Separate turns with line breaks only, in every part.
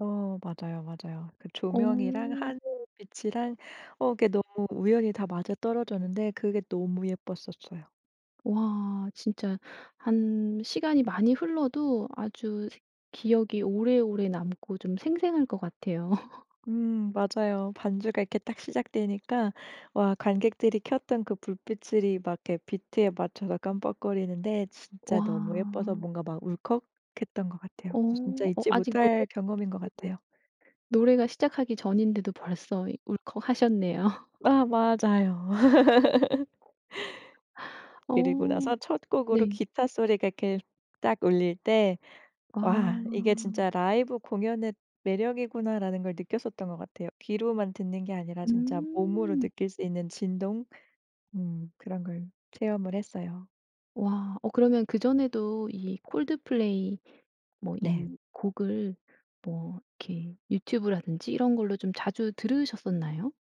어 맞아요 맞아요. 그 조명이랑
어.
하늘빛이랑 어 그게 너무 우연히 다 맞아떨어졌는데 그게 너무 예뻤었어요.
와 진짜 한 시간이 많이 흘러도 아주 생 기억이 오래오래 남고 좀 생생할 것 같아요.
음 맞아요. 반주가 이렇게 딱 시작되니까 와 관객들이 켰던 그 불빛을 이 막 이렇게 비트에 맞춰서 깜빡거리는데 진짜 너무 예뻐서
와.
뭔가 막 울컥했던 것 같아요.
어.
진짜
어
잊지
아직
못할
노래
경험인 것
네
같아요.
노래가 시작하기 전인데도 벌써 이 울컥하셨네요.
아 맞아요.
어
그리고 나서 첫 곡으로
네.
기타 소리가 그 딱 울릴 때
와.
'와 이게 진짜 라이브 공연의 매력이구나.'라는 걸 느꼈었던 것 같아요. 귀로만 듣는 게 아니라 진짜 몸으로
음.
느낄 수 있는 진동 음 그런 걸 체험을 했어요.
와. 어 그러면 그전에도 이 콜드플레이 뭐
네.
이 곡을 뭐 이렇게 유튜브라든지 이런 걸로 좀 자주 들으셨었나요?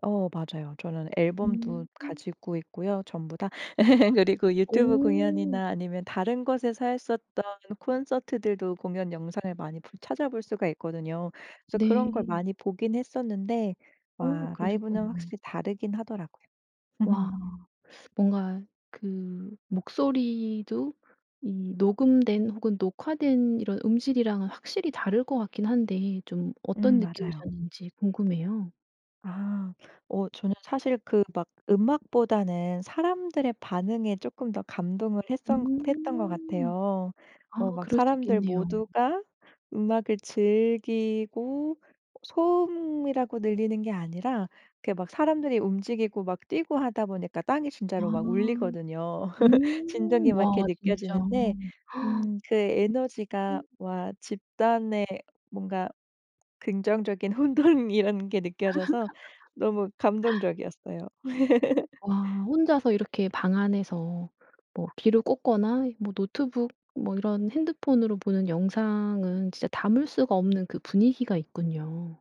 어 맞아요. 저는 앨범도
음. 음.
가지고 있고요 전부 다. 그리고 유튜브
오.
공연이나 아니면 다른 곳에서 했었던 콘서트들도 공연 영상을 많이 볼 찾아볼 수가 있거든요. 그래서 그런 걸
네.
많이 보긴 했었는데
어
와 라이브는
그러셨구나.
확실히 다르긴 하더라고요.
와. 뭔가 그 목소리도 이 녹음된 혹은 녹화된 이런 음질이랑은 확실히 다를 것 같긴 한데 좀 어떤
음 맞아요.
느낌이셨는지 궁금해요.
아. 어 저는 사실 그 막 음악보다는 사람들의 반응에 쪼끔 더 감동을 했었 했던 것
음.
같아요.
아
뭐 막
그럴 수
사람들
있겠네요.
모두가 음악을 즐기고 어 소음이라고 들리는 게 아니라 이렇게 막 사람들이 움직이고 막 뛰고 하다 보니까 땅이
아.
진짜로 막 울리거든요. 진동이
음
막 이렇게
와 진짜.
느껴지는데 음 그
으
에너지가
음.
와 집단의 뭔가 긍정적인 혼돈이라는 게 느껴져서 너무 감동적이었어요.
와 혼자서 이렇게 방 안에서 뭐 귀로 꽂거나 뭐 노트북 뭐 이런 핸드폰으로 보는 영상은 진짜 담을 수가 없는 그 분위기가 있군요.